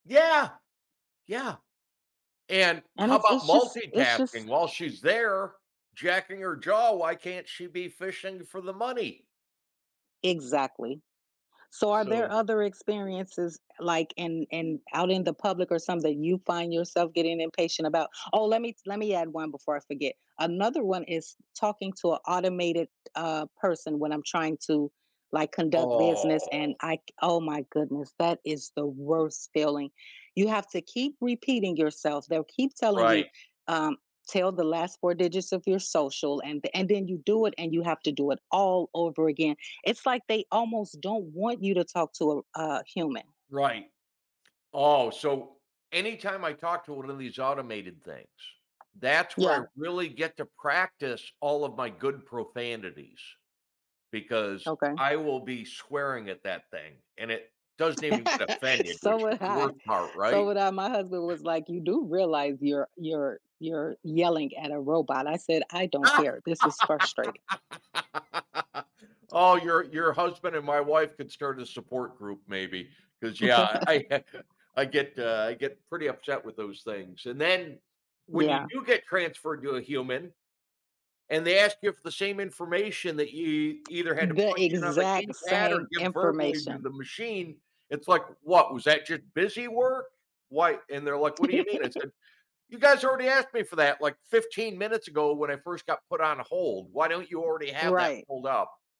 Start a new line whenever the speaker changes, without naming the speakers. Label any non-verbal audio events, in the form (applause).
Yeah. Yeah. And
and
how about
it's just it's just
multitasking? While she's there jacking her jaw, why can't she be fishing for the money?
Exactly. So are
So
there other experiences like in in out in the public or something you find yourself getting impatient about? Oh, let me let me add one before I forget. Another one is talking to a automated, uh, person when I'm trying to, like, conduct business and
Oh.
I oh my goodness, that is the worst feeling. You have to keep repeating yourself. They'll keep telling you,
Right.
um, "Tell the last 4 digits of your social." And the and then you do it, and you have to do it all over again. It's like, they almost don't want you to talk to a r a human.
Right. Oh, so anytime I talk to one of these automated things, that's where
Yeah.
I really get to practice all of my good profanities because
Okay.
I will be swearing at that thing. And it doesn't even get
(laughs)
offended,
So
which is
would
the
I,
worst part,
so
right?
would I. My husband
(chuckles)
was like, "You do realize you're you're you're yelling at a robot." I said, "I don't
(laughs)
care. This is frustrating."
Oh, your your husband and my wife could start a support group maybe, 'cause yeah, I (chuckles) uh, I
(laughs)
get, uh, I get pretty upset with those things. And then when you
Yeah.
do get transferred to a human and they ask you for the same information that you either had to
The
punch in on the
exact
keypad or
same
give verbally to
information.
the machine, it's like, "What, was that just busy work?" Why, and they're like, "What do you mean?" I said, "You
(laughs)
guys already asked me for that, like, 15 minutes ago when I first got put on hold. Why don't you already have that
Right.
pulled up?"